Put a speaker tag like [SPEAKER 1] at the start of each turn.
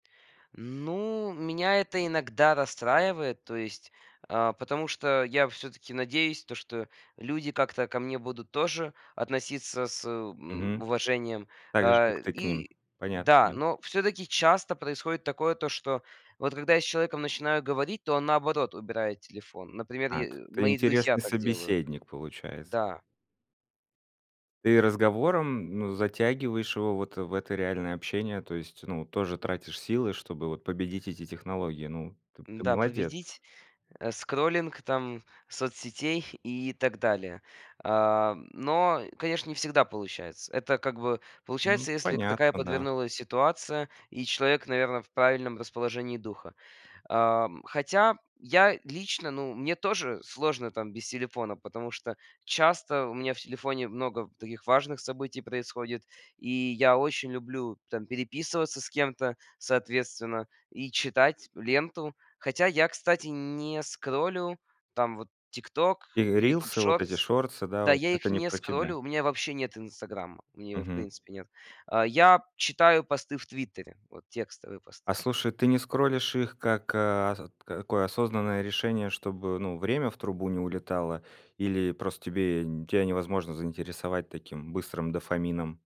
[SPEAKER 1] Ну, меня это иногда расстраивает, то есть, э, потому что я всё-таки надеюсь, то что люди как-то ко мне будут тоже относиться с, э, м,
[SPEAKER 2] Мгм.
[SPEAKER 1] уважением.
[SPEAKER 2] Так же, как
[SPEAKER 1] Э,
[SPEAKER 2] ты к ним.
[SPEAKER 1] и
[SPEAKER 2] Понятно,
[SPEAKER 1] да,
[SPEAKER 2] понятно.
[SPEAKER 1] но всё-таки часто происходит такое, то что вот когда я с человеком начинаю говорить, то он, наоборот, убирает телефон. Например,
[SPEAKER 2] Так.
[SPEAKER 1] е
[SPEAKER 2] Ты
[SPEAKER 1] мои друзья
[SPEAKER 2] интересный
[SPEAKER 1] так делают.
[SPEAKER 2] собеседник, получается.
[SPEAKER 1] Да.
[SPEAKER 2] Ты разговором, ну, затягиваешь его вот в это реальное общение. То есть, ну, тоже тратишь силы, чтобы вот победить эти технологии. Ну, т ты
[SPEAKER 1] Да.
[SPEAKER 2] молодец.
[SPEAKER 1] Победить, э, скроллинг, там, соцсетей и так далее. Э, но, конечно, не всегда получается. Это как бы
[SPEAKER 2] Мгм.
[SPEAKER 1] получается, если такая
[SPEAKER 2] Понятно, да.
[SPEAKER 1] подвернулась ситуация, и человек, наверно, в правильном расположении духа. Э, м, хотя, я лично, ну, мне тоже сложно там без телефона, потому что часто у меня в телефоне много таких важных событий происходит, и я очень люблю там переписываться с кем-то, соответственно, и читать ленту. Хотя я, кстати, не скроллю там вот "Тикток",
[SPEAKER 2] И
[SPEAKER 1] "Ютуб
[SPEAKER 2] рилсы, вот эти
[SPEAKER 1] шортс".
[SPEAKER 2] шортсы, да,
[SPEAKER 1] Да,
[SPEAKER 2] вот
[SPEAKER 1] я
[SPEAKER 2] это
[SPEAKER 1] их
[SPEAKER 2] не
[SPEAKER 1] не
[SPEAKER 2] про тебя.
[SPEAKER 1] скроллю, у меня вообще нет "Инстаграма", у меня его в
[SPEAKER 2] Мгм.
[SPEAKER 1] принципе нет. Э, я читаю посты в "Твиттере", вот текстовые посты
[SPEAKER 2] А
[SPEAKER 1] всё-та
[SPEAKER 2] слушай, ты не скроллишь их как, э, ос такое осознанное решение, чтобы, ну, время в трубу не улетало, или просто тебе нь тя невозможно заинтересовать таким быстрым дофамином?